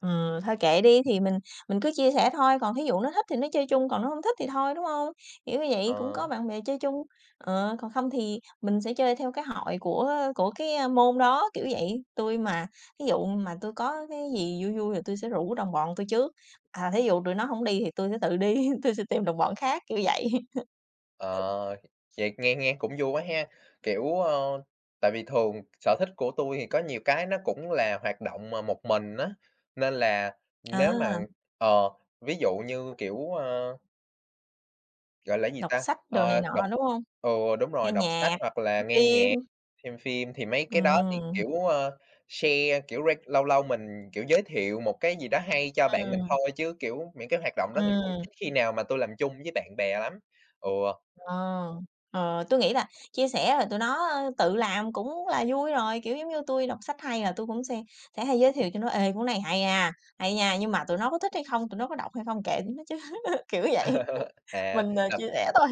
Ừm, thôi kệ đi thì mình mình cứ chia sẻ thôi, còn thí dụ nó thích thì nó chơi chung, còn nó hông thích thì thôi, đúng hông? Kiểu như vậy cũng Ờ. có bạn bè chơi chung, ờ, còn không thì mình sẽ chơi theo cái hội của của cái, ơ, môn đó, kiểu vậy. Tui mà thí dụ mà tui có cái gì vui vui thì tui sẽ rủ đồng bọn tui trước, à, thí dụ tụi nó hổng đi thì tui sẽ tự đi, tui sẽ tìm đồng bọn khác, kiểu vậy. Ờ, vậy nghe nghe cũng vui quá ha, kiểu, ơ, tại vì thường sở thích của tui thì có nhiều cái nó cũng là hoạt động mà một mình, á, nên là nếu mà, À. ờ, ví dụ như, kiểu, ơ gọi là cái gì Đọc ta, sách, đồ này ơ, đọc, nọ, đúng hông? ừ, đúng Nghe rồi, đọc sách nhạc, hoặc là coi nghe phim. nhạc, xem phim thì mấy cái đó thì, Ừm. kiểu, ơ, share, kiểu, ray lâu lâu mình kiểu giới thiệu một cái gì đó hay cho bạn mình Ừm. thôi, chứ, kiểu, những cái hoạt động đó thì cũng Ừm. ít khi nào mà tui làm chung với bạn bè lắm. Ừ. Ờ, ờ, tui nghĩ là chia sẻ rồi tụi nó tự làm cũng là vui rồi, kiểu, giống như tui đọc sách hay là tui cũng se sẽ hay giới thiệu cho nó: "Ê! Cuốn này hay ha, hay nha!", nhưng mà tụi nó có thích hay không, tụi nó có đọc hay không kệ tụi nó chứ, kiểu vậy, À, mình, ờ, gặp chia sẻ thôi.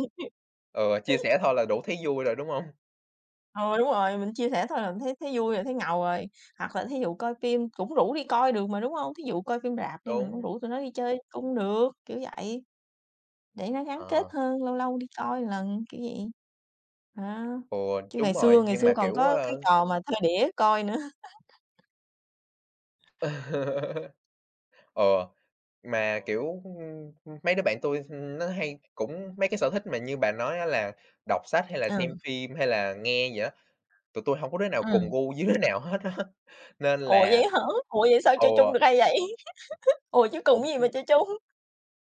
Ừ, chia sẻ thôi là đủ thấy vui rồi, đúng hông? Ừ, đúng rồi, mình chia sẻ thôi là mình thấy thấy vui rồi, thấy ngầu rồi. Hoặc là thí dụ coi phim cũng rủ đi coi được mà, đúng hông? Thí dụ coi phim rạp đi mình cũng Đúng. rủ tụi nó đi chơi cung được, kiểu vậy. Để nó gắn kết Ờ. hơn, lâu lâu đi coi lần, kiểu vậy. Ờ, Ừ. chứ đúng ngày rồi, xưa ngày nhưng xưa mà, còn kiểu, có cái ơ trò mà thuê đĩa coi nữa. Ừ, mà, kiểu, ưm, ưm, mấy đứa bạn tui, ưm, nó hay cũng mấy cái sở thích mà như bà nói, á, là đọc sách hay là Ừm. xem phim hay là nghe gì á? Tụi tui hông có đứa nào cùng Ừm. gu với đứa nào hết, á, nên Ủa? Vậy là á hả? Ủa? Vậy sao ừ. chơi chung được hay vậy? Ủa? Chứ cùng Cũng, cái gì ưm mà chơi chung?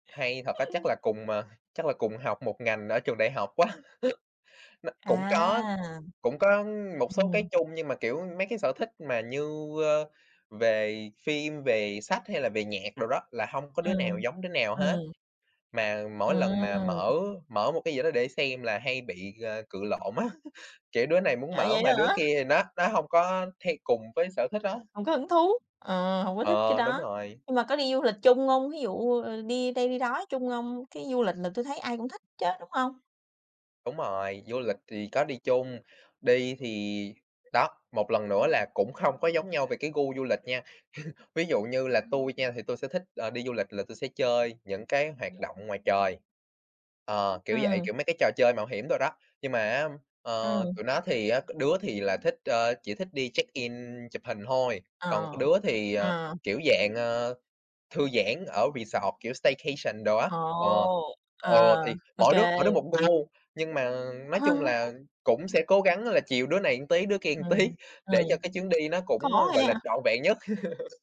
Hay thật á. Chắc là cùng, à, chắc là cùng học một ngành ở trường đại học quá. Nó À, cũng có cũng có một số cái ừm. chung nhưng mà, kiểu, mấy cái sở thích mà như, ơ, về phim về sách hay là về nhạc đồ đó, là hông có đứa nào Ừm, giống đứa nào hết. ừm. Mà mỗi lần mà mở Ừm. mở một cái gì đó để xem là hay bị, à, cự lộn á, kiểu, đứa này muốn À, mở vậy đó mà đứa hả? kia thì nó nó hông có hay cùng với sở thích đó. Hông có hứng thú, ờ, hông có thích cái Ờ, đúng đó. rồi. Nhưng mà có đi du lịch chung hông? Thí dụ, ờ, đi đây đi đó chung hông? Cái du lịch là tui thấy ai cũng thích chứ, đúng hông? Đúng rồi, du lịch thì có đi chung, đi thì đó, một lần nữa là cũng hông có giống nhau về cái gu du lịch nha. Ví dụ như là tui nha, thì tui sẽ thích, à, đi du lịch là tui sẽ chơi những cái hoạt động ngoài trời, ờ, kiểu vậy, Ừm. kiểu, mấy cái trò chơi mạo hiểm đồ đó. Nhưng mà, á, ờ, tụi Ừm. nó thì, á, đứa thì là thích, ờ, chỉ thích đi check in chụp hình thôi, còn Ờ, đứa thì, ờ, ờ. kiểu dạng, ờ, thư giãn ở resort, kiểu staycation đồ á, Ồ, ừ, ừ, ờ, thì OK. mỗi đứa mỗi đứa một gu. Nhưng mà, nói chung là, cũng sẽ cố gắng là chiều đứa này một tí, đứa kia một tí Ừm, để cho ừm. cái chuyến đi nó Khó cũng gọi là ha! trọn vẹn nhất.